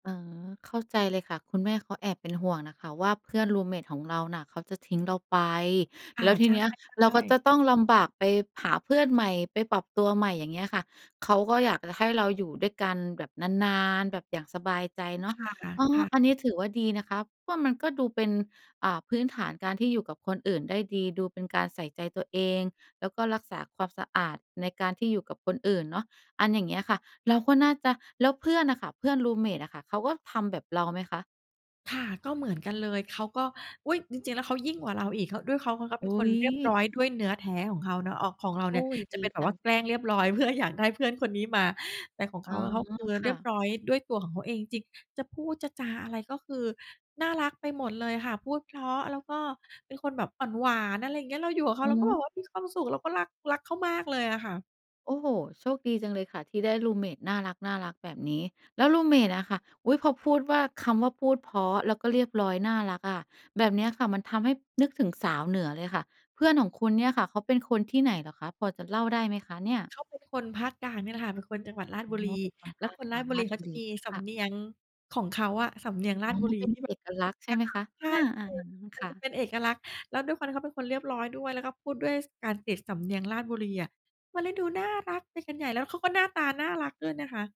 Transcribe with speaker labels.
Speaker 1: อ๋อ เข้าใจเลยค่ะ คุณแม่เขาแอบเป็นห่วงน่ะค่ะว่า เพื่อนรูมเมตของเราน่ะเขาจะทิ้งเราไป
Speaker 2: ค่
Speaker 1: แล
Speaker 2: ะ
Speaker 1: ้วท
Speaker 2: ใ
Speaker 1: ีเนี้ย เร
Speaker 2: ช
Speaker 1: า
Speaker 2: ่
Speaker 1: ก็
Speaker 2: ๆ
Speaker 1: จ
Speaker 2: ๆ
Speaker 1: ะต้องลำบากไปหาเพื่อนใหม่ไปปรับตัวใหม่ อย่างเงี้ยค่ะ เขาก็อยากจะให้เราอยู่ด้วยกันแบบนาน ๆ แบบอย่างสบายใจเน
Speaker 2: ค
Speaker 1: าะ
Speaker 2: ่ะ
Speaker 1: อ๋อ
Speaker 2: ค่ะ
Speaker 1: อันนี้ถือว่าดีนะคะ เพราะมันก็ดูเป็น อ่า พื้นฐานการที่อยู่กับคนอื่นได้ดี ดูเป็นการใส่ใจตัวเอง แล้วก็รักษาความสะอาดในการที่อยู่กับคนอื่นเนาะ อันอย่างเงี้ยค่ะ เราก็น่าจะ แล้วเพื่อนน่ะค่ะ เพื่อนรูมเมตน่ะค่ะ เขาก็ทำแบบเราไหมคะ?
Speaker 2: ค่ะ ก็เหมือนกันเลย เขาก็ อุ๊ย! จริง ๆ แล้วเขายิ่งกว่าเราอีก เขา ด้วยเขา เพราะเขาเป
Speaker 1: อ
Speaker 2: ็น
Speaker 1: ุ
Speaker 2: ค
Speaker 1: ๊
Speaker 2: น
Speaker 1: ย
Speaker 2: เรียบร้อยด้วยเนื้อแท้ของเขาเนาะ ออก ของเรา
Speaker 1: โ
Speaker 2: เ
Speaker 1: อ
Speaker 2: นี่
Speaker 1: ๊
Speaker 2: ย
Speaker 1: ย
Speaker 2: จ
Speaker 1: ด
Speaker 2: ะเป
Speaker 1: ี
Speaker 2: ็นแบ
Speaker 1: จ
Speaker 2: บ
Speaker 1: ั
Speaker 2: ว่า
Speaker 1: ง
Speaker 2: แกล้งเรียบร้อย เพื่ออยากได้ เพื่อนคนนี้มา แต่ของเ
Speaker 1: อ๋
Speaker 2: ข
Speaker 1: อ
Speaker 2: าอะเขา คือ
Speaker 1: ค
Speaker 2: เรี
Speaker 1: ่
Speaker 2: ยบ
Speaker 1: ะ
Speaker 2: ร้อยด้วยตัวของเขาเองจริง ๆ จะพูดจะจาอะไร ก็คือน่ารักไปหมดเลยค่ะ พูดเพราะ แล้วก็เป็นคนแบบอ่อนหวาน อะไรอย่างเงี้ย เราอยู่กับเข
Speaker 1: อ
Speaker 2: า
Speaker 1: ื
Speaker 2: เร
Speaker 1: อ
Speaker 2: า
Speaker 1: ฮ
Speaker 2: ก็แบบ
Speaker 1: ึ
Speaker 2: มีความสุข เราก็รัก รักเขามากเลยอะค่ะ
Speaker 1: โอ้โฮ โชคดีจังเลยค่ะ ที่ได้รูมเมตน่ารัก ๆ แบบนี้ แล้วรูมเมตน่ะค่ะ อุ๊ย! พอพูดว่า คำว่าพูดเพราะ แล้วก็เรียบร้อยน่ารักอะ แบบเนี้ยค่ะ มันทำให้นึกถึงสาวเหนือเลยค่ะ เพื่อนของคุณเนี่ยค่ะ เขาเป็นคนที่ไหนเหรอคะ? พอจะเล่าได้ไหมคะเนี่ย?
Speaker 2: เขาเป็นคนภาคกลางเนี่ยแหละค่ะ เป็นคนจังหวัดราช
Speaker 1: อ๋อ
Speaker 2: บุรี
Speaker 1: เป็นคน
Speaker 2: แ
Speaker 1: ภ
Speaker 2: ล้ว
Speaker 1: าค
Speaker 2: คน
Speaker 1: ก
Speaker 2: ร
Speaker 1: ล
Speaker 2: า
Speaker 1: า
Speaker 2: ช
Speaker 1: ง
Speaker 2: บุ
Speaker 1: รา
Speaker 2: รี
Speaker 1: ช
Speaker 2: เข
Speaker 1: บ
Speaker 2: า
Speaker 1: ุ
Speaker 2: จะ
Speaker 1: รี
Speaker 2: มีส
Speaker 1: ค่
Speaker 2: ำ
Speaker 1: ะ
Speaker 2: เนียงของเขาอะ สำเนียง
Speaker 1: อ
Speaker 2: ร
Speaker 1: ๋
Speaker 2: า
Speaker 1: อ
Speaker 2: ชบุร
Speaker 1: เ
Speaker 2: ี
Speaker 1: ป็น
Speaker 2: ที่แบ
Speaker 1: เอ
Speaker 2: บ
Speaker 1: กลักษณ์ใช่
Speaker 2: กระ
Speaker 1: ไหม
Speaker 2: ต่า
Speaker 1: ค
Speaker 2: ย
Speaker 1: ะ?
Speaker 2: ใช่
Speaker 1: อา ๆ ๆ อืม
Speaker 2: ๆ มั
Speaker 1: ค
Speaker 2: น
Speaker 1: ่
Speaker 2: จะ
Speaker 1: ะ
Speaker 2: เป็นเอกลักษณ์ แล้วด้วยความที่เขาเป็นคนเรียบร้อยด้วย แล้วก็พูดด้วย ส การติดสำเนียงราชบุรีอะ มันเลยดูน่ารักไปกันใหญ่ แล้วเขาก็หน้าตาน่ารักด้วยนะคะ